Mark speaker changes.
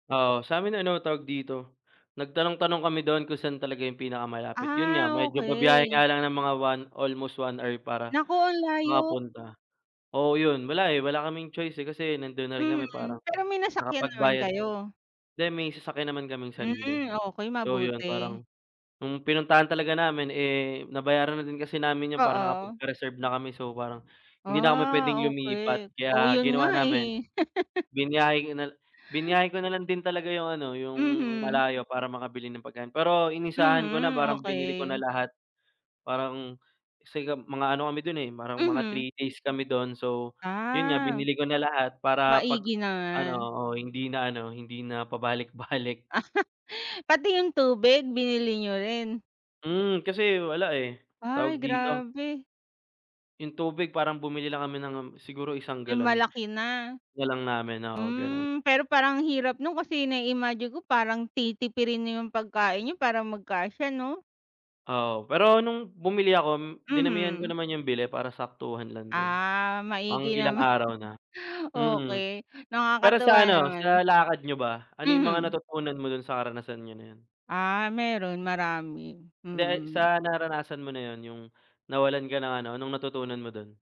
Speaker 1: Oo, sa'min ano tawag dito, nagtanong-tanong kami doon kung san talaga yung pinakamalapit. Yun nga,
Speaker 2: Ah,
Speaker 1: medyo babiyahe
Speaker 2: okey.
Speaker 1: nga lang ng mga one, almost 1 hour para
Speaker 2: Naku, ang layo!
Speaker 1: makapunta. Oo, yun, wala, eh, wala kaming choice, eh, kasi nandun na rin kami, parang
Speaker 2: Mhm, pero may nasakyan naman
Speaker 1: nakapagbayad
Speaker 2: kayo?
Speaker 1: hindi, may sasakyan naman kaming sarili.
Speaker 2: Hmm, okey
Speaker 1: So, yun
Speaker 2: mabuti.
Speaker 1: parang, nung pinuntahan talaga namin, eh, nabayaran na din kasi namin yun, parang
Speaker 2: Oo.
Speaker 1: nakapagpa-reserve na kami so parang, hindi na kami pwedeng
Speaker 2: Ah,
Speaker 1: lumipat,
Speaker 2: okey. Oo,
Speaker 1: kaya
Speaker 2: yun
Speaker 1: ginawa
Speaker 2: nga,
Speaker 1: namin,
Speaker 2: eh.
Speaker 1: biniyahe ko na biniyahe ko na lang din talaga yung ano, yung
Speaker 2: Mhm.
Speaker 1: malayo, para makabili ng pagkain. Pero inisahan ko na,
Speaker 2: Mhm,
Speaker 1: parang binili ko na
Speaker 2: okey.
Speaker 1: lahat. Parang kasi nga mga ano kami dun, eh, parang mga
Speaker 2: Mhm.
Speaker 1: 3 days kami dun, so, yun nga
Speaker 2: Ah.
Speaker 1: binili ko na lahat para pag
Speaker 2: Maigi
Speaker 1: ano
Speaker 2: naman.
Speaker 1: oo, hindi na ano, hindi na pabalik-balik.
Speaker 2: Pati yung tubig, binili niyo rin?
Speaker 1: Hmm, kasi wala, eh.
Speaker 2: Ay,
Speaker 1: Tawag dito?
Speaker 2: grabe.
Speaker 1: Yung tubig parang bumili lang kami ng, um, siguro 1
Speaker 2: Yung
Speaker 1: galon,
Speaker 2: malaki na?
Speaker 1: tinipid na lang namin, oo, ganun.
Speaker 2: Hmm, pero parang ang hirap nun, kasi nai-imagine ko parang titipirin niyo yung pagkain niyo para magkasya, 'no?
Speaker 1: Oo, pero nung bumili ako m dinamihan ko
Speaker 2: Mhm.
Speaker 1: naman yung bili para saktuhan lang din,
Speaker 2: Ah,
Speaker 1: pang
Speaker 2: maigi
Speaker 1: ilang
Speaker 2: naman.
Speaker 1: araw na. Mm.
Speaker 2: Okey,
Speaker 1: Pero
Speaker 2: nakakatuwa
Speaker 1: sa ano,
Speaker 2: naman.
Speaker 1: sa lakad niyo ba, ano yung mga
Speaker 2: Mhm.
Speaker 1: natutunan mo dun sa karanasan niyo na yun?
Speaker 2: Ah, meron marami,
Speaker 1: Hindi, ay,
Speaker 2: mm.
Speaker 1: sa naranasan mo na yon, yung nawalan ka ng ano, anong natutunan mo dun?